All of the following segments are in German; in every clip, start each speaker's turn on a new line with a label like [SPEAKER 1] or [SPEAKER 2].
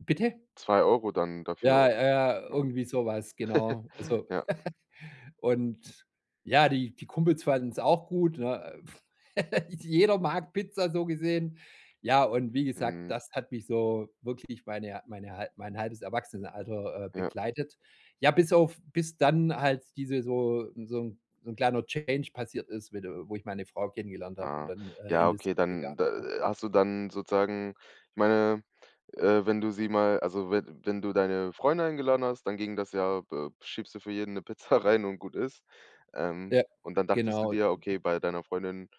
[SPEAKER 1] Bitte?
[SPEAKER 2] 2 € dann
[SPEAKER 1] Ja,
[SPEAKER 2] dafür,
[SPEAKER 1] ja, ja,
[SPEAKER 2] ne?
[SPEAKER 1] irgendwie sowas, genau. Also
[SPEAKER 2] Ja.
[SPEAKER 1] und ja, die die Kumpels fanden es auch gut, ne? Jeder mag Pizza, so gesehen. Ja, und wie gesagt,
[SPEAKER 2] Mhm.
[SPEAKER 1] das hat mich so wirklich meine mein hal mein halbes Erwachsenenalter, äh,
[SPEAKER 2] Ja.
[SPEAKER 1] begleitet. Ja, bis auf bis dann halt diese so so 'n so 'n kleiner Change passiert ist, wiede wo ich meine Frau kennengelernt habe und
[SPEAKER 2] Ah.
[SPEAKER 1] dann, äh, in
[SPEAKER 2] Ja
[SPEAKER 1] das
[SPEAKER 2] okay,
[SPEAKER 1] [unintelligible]
[SPEAKER 2] dann da
[SPEAKER 1] Ja.
[SPEAKER 2] hast du dann sozusagen ich meine, äh, wenn du sie mal also we wenn du deine Freunde eingeladen hast, dann ging das ja be schiebst du für jeden 'ne Pizza rein und gut ist. Ähm,
[SPEAKER 1] Ja,
[SPEAKER 2] und dann dachtest du
[SPEAKER 1] genau.
[SPEAKER 2] dir, okay, bei deiner Freundin,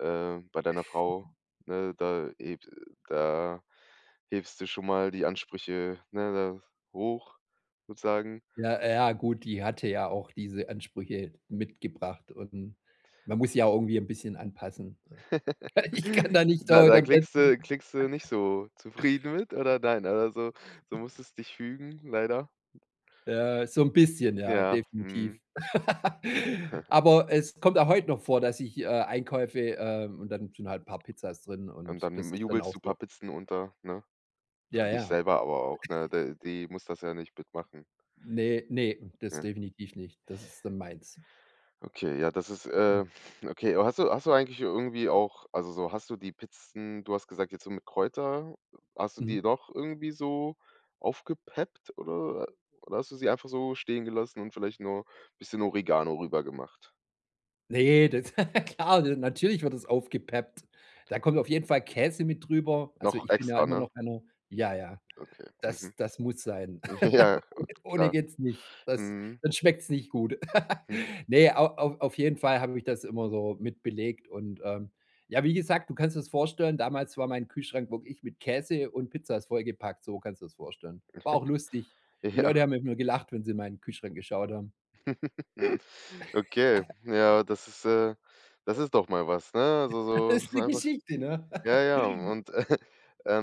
[SPEAKER 2] äh bei deiner Frau, ne? Da heb da hebst du schon mal die Ansprüche, ne, da hoch, sozusagen?
[SPEAKER 1] Ja, j ja, gut, die hatte ja auch diese Ansprüche mitgebracht, und man muss sich ja auch irgendwie 'n bisschen anpassen. Ich kann da nicht
[SPEAKER 2] Da
[SPEAKER 1] dauernd
[SPEAKER 2] da
[SPEAKER 1] am
[SPEAKER 2] klingst du klingst du nicht
[SPEAKER 1] [unintelligible]
[SPEAKER 2] so zufrieden mit oder nein oder so? Du musstest dich fügen, leider?
[SPEAKER 1] Ja, so 'n bisschen, ja,
[SPEAKER 2] Ja.
[SPEAKER 1] definitiv.
[SPEAKER 2] Mhm.
[SPEAKER 1] Aber es kommt auch heut noch vor, dass ich, äh, Einkäufe, ähm und dann sind halt 'n paar Pizzas drin,
[SPEAKER 2] Und
[SPEAKER 1] und das
[SPEAKER 2] dann
[SPEAKER 1] ist dann
[SPEAKER 2] jubelst
[SPEAKER 1] auch
[SPEAKER 2] du paar
[SPEAKER 1] so.
[SPEAKER 2] Pizzen unter, ne?
[SPEAKER 1] Ja,
[SPEAKER 2] Für dich
[SPEAKER 1] ja.
[SPEAKER 2] selber aber auch, ne? D die muss das ja nicht mitmachen.
[SPEAKER 1] Ne, ne, das
[SPEAKER 2] Ne?
[SPEAKER 1] definitiv nicht. Das ist dann meins.
[SPEAKER 2] Okay, ja das ist,
[SPEAKER 1] Mhm.
[SPEAKER 2] äh okay. Aber hast du hast du eigentlich irgendwie auch also, so, hast du die Pizzen du hast gesagt jetzt so mit Kräuter hast du
[SPEAKER 1] Mhm.
[SPEAKER 2] die noch irgendwie so aufgepeppt, oder oder hast du sie einfach so stehen gelassen und vielleicht nur bisschen Oregano rübergemacht?
[SPEAKER 1] Ne, das Klar, de natürlich wird das aufgepeppt. Da kommt auf jeden Fall Käse mit drüber. Also,
[SPEAKER 2] Noch
[SPEAKER 1] ich bin ja
[SPEAKER 2] extra,
[SPEAKER 1] immer
[SPEAKER 2] ne?
[SPEAKER 1] noch einer Ja, ja,
[SPEAKER 2] Okay,
[SPEAKER 1] das
[SPEAKER 2] mhm.
[SPEAKER 1] das muss sein.
[SPEAKER 2] Ja, äh,
[SPEAKER 1] Ohn ohne
[SPEAKER 2] klar.
[SPEAKER 1] geht's nicht. Das
[SPEAKER 2] Mhm.
[SPEAKER 1] dann schmeckt's nicht gut.
[SPEAKER 2] Mhm.
[SPEAKER 1] Ne, au au auf jeden Fall habe ich das immer so mit belegt und, ähm, ja, wie gesagt, du kannst dir das vorstellen damals war mein Kühlschrank wirklich mit Käse und Pizza ist vollgepackt, so kannst du das vorstellen. War auch lustig. Die
[SPEAKER 2] Ja.
[SPEAKER 1] Leute haben mit mir gelacht, wenn sie in meinen Kühlschrank geschaut haben.
[SPEAKER 2] Okay, ja, das ist, äh das ist doch mal was, ne? Also, so
[SPEAKER 1] Ist
[SPEAKER 2] so
[SPEAKER 1] ne
[SPEAKER 2] einfach
[SPEAKER 1] Geschichte, ne?
[SPEAKER 2] Ja, ja, und, äh,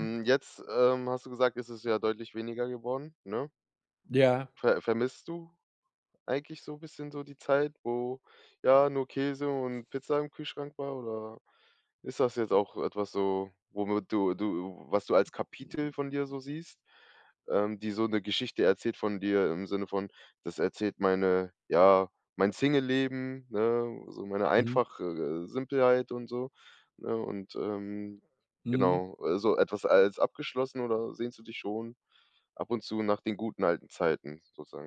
[SPEAKER 1] Mhm.
[SPEAKER 2] jetzt, ähm, hast du gesagt, ist es ja deutlich weniger geworden, ne?
[SPEAKER 1] Ja.
[SPEAKER 2] Ver vermisst du eigentlich so bisschen so die Zeit, wo, ja, nur Käse und Pizza im Kühlschrank war, oder ist das jetzt auch etwas so, womit du du was du als Kapitel von dir so siehst, ähm, die so 'ne Geschichte erzählt von dir im Sinne von: „Das erzählt meine ja, mein Singleleben, ne? So meine
[SPEAKER 1] Mhm.
[SPEAKER 2] einfach äh, Simpelheit” und so, ne? Und, ähm,
[SPEAKER 1] Mhm.
[SPEAKER 2] genau, also etwas als abgeschlossen oder sehnst du dich schon ab und zu nach den guten alten Zeiten sozusagen?